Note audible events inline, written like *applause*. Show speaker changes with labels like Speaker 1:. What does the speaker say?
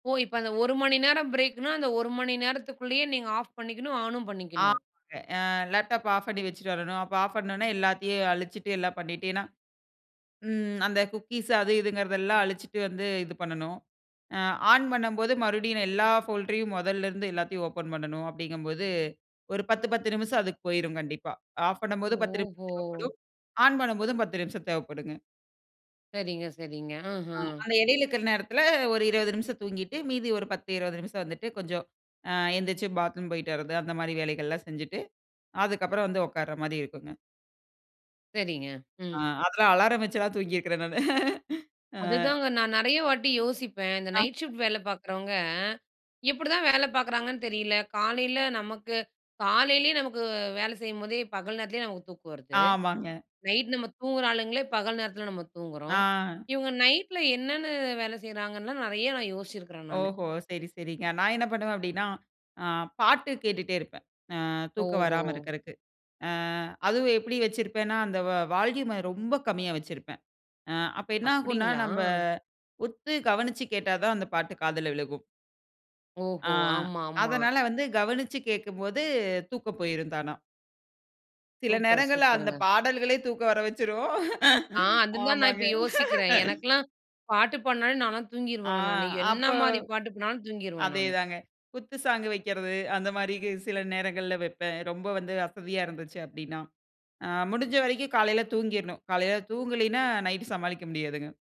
Speaker 1: ஓ! இப்ப அந்த 1 மணி நேரம் பிரேக்குனா அந்த 1 மணி நேரத்துக்குள்ளயே நீங்க ஆஃப் பண்ணிக்கணும் ஆனும் பண்ணிக்கணும்.
Speaker 2: ஆமாங்க. ஆ லேப்டாப் ஆஃப் பண்ணி வச்சுட்டு வரணும். அப்போ ஆஃப் பண்ணணும்னா எல்லாத்தையும் அழிச்சுட்டு எல்லாம் பண்ணிட்டேன்னா, ம் அந்த குக்கீஸ் அது இதுங்கிறதெல்லாம் அழிச்சிட்டு வந்து இது பண்ணனும். ஆ ஆன் பண்ணும்போது மறுபடியும் எல்லா போல்ட்ரையும் மொதல்ல இருந்து எல்லாத்தையும் ஓப்பன் பண்ணனும். அப்டிங்கம்போது, ஒரு 10, 10 நிமிஷம் அதுக்கு போய்ரும் கண்டிப்பா. ஆஃப் பண்ணும்போது 10 நிமிஷம்
Speaker 1: ஓஹோ!
Speaker 2: தேவைப்படும். ஆன் பண்ணும்போதும் 10 நிமிஷம் தேவைப்படுங்க.
Speaker 1: சரிங்க, சரிங்க.
Speaker 2: ஆ
Speaker 1: ம்ஹ்ம்.
Speaker 2: அந்த எடையில இருக்கிற நேரத்ல ஒரு 20 நிமிஷம் தூங்கிட்டு, மீதி ஒரு 10, 20 நிமிஷம் வந்துட்டு கொஞ்சம், அ எந்திரிச்சி பாத்ரூம் போயிட்டு வர்றது அந்த மாதிரி வேலைகள்லாம் செஞ்சுட்டு, அதுக்கப்புறம் வந்து உட்கார்ற மாதிரி இருக்குங்க.
Speaker 1: சரிங்க.
Speaker 2: அ
Speaker 1: ம்.
Speaker 2: அதெல்லாம் அலாரம் வச்செல்லாம் தூங்கிருக்கிறேன் நானு. *laughs* ஆ.
Speaker 1: அதுதாங்க நான் நெறைய வாட்டி யோசிப்பேன். இந்த
Speaker 2: ஆ.
Speaker 1: நைட் ஷிஃப்ட் வேல பார்க்குறவங்க, எப்டிதான் வேல பார்க்குறாங்கன்னு தெரியல. காலையில நமக்கு காலையிலயே நமக்கு வேலை செய்யும்போதே, பகல் நேரத்திலயே நமக்கு தூக்கம் வருது.
Speaker 2: ஆமாங்க.
Speaker 1: நைட் நம்ம தூங்குற ஆளுங்களே பகல் நேரத்துல நம்ம தூங்குறோம்.
Speaker 2: ஆ.
Speaker 1: இவுங்க நைட்ல என்னென்னு வேல செய்கிறாங்கன்னுலாம் நெறைய நான் யோசிச்சிருக்கேன் நானு.
Speaker 2: ஓஹோ! சரி, சரிங்க. நான் என்ன பண்ணுவேன் அப்டின்னா, அ பாட்டு கேட்டுக்கிட்டே இருப்பேன். அ தூக்கம்
Speaker 1: ஓஹோ!
Speaker 2: வராம இருக்கறக்கு. ஆ அதுவும் எப்டி வச்சிருப்பேன்னா அந்த வால்யூம்ம ரொம்ப கம்மியா வச்சிருப்பேன். அ அப்ப என்ன ஆகும்ன்னா,
Speaker 1: அப்டிங்ளா!
Speaker 2: நம்ப உத்து கவனிச்சு கேட்டா தான் அந்த பாட்டு காதில விழுகும்.
Speaker 1: ஓஹோ!
Speaker 2: ஆ
Speaker 1: ஆமா, ஆமா.
Speaker 2: அதனால வந்து கவனிச்சு கேட்கும்போது தூக்கம் போயிரும் தானா! சில
Speaker 1: சூப்பர்!
Speaker 2: நேரங்கள்ல அந்த
Speaker 1: சூப்பருங்க.
Speaker 2: பாடல்களே தூக்கம் வர வச்சிரும்.
Speaker 1: ஆ.
Speaker 2: *laughs*
Speaker 1: அதுதான் நான்
Speaker 2: ஆமாங்க.
Speaker 1: இப்ப யோசிக்கிறேன். எனக்குலாம் பாட்டு பாட்னாலே நான்லாம்
Speaker 2: ஆ
Speaker 1: தூங்கிருவங்க நானு. என்ன
Speaker 2: அப்போ
Speaker 1: மாரி பாட்டுக்குனாலும் தூங்கிருவேன் நானு.
Speaker 2: அதேதாங்க குத்து சாங் வைக்கிறது அந்த மாரி கு சில நேரங்கள்ல வப்பேன். ரொம்ப வந்து அசதியா இருந்துச்சு அப்டின்னா. அ முடிஞ்ச வரைக்கும் காலையில தூங்கிர்ணும். காலையில தூங்கலைன்னா நைட்டு சமாளிக்க முடியாதுங்க.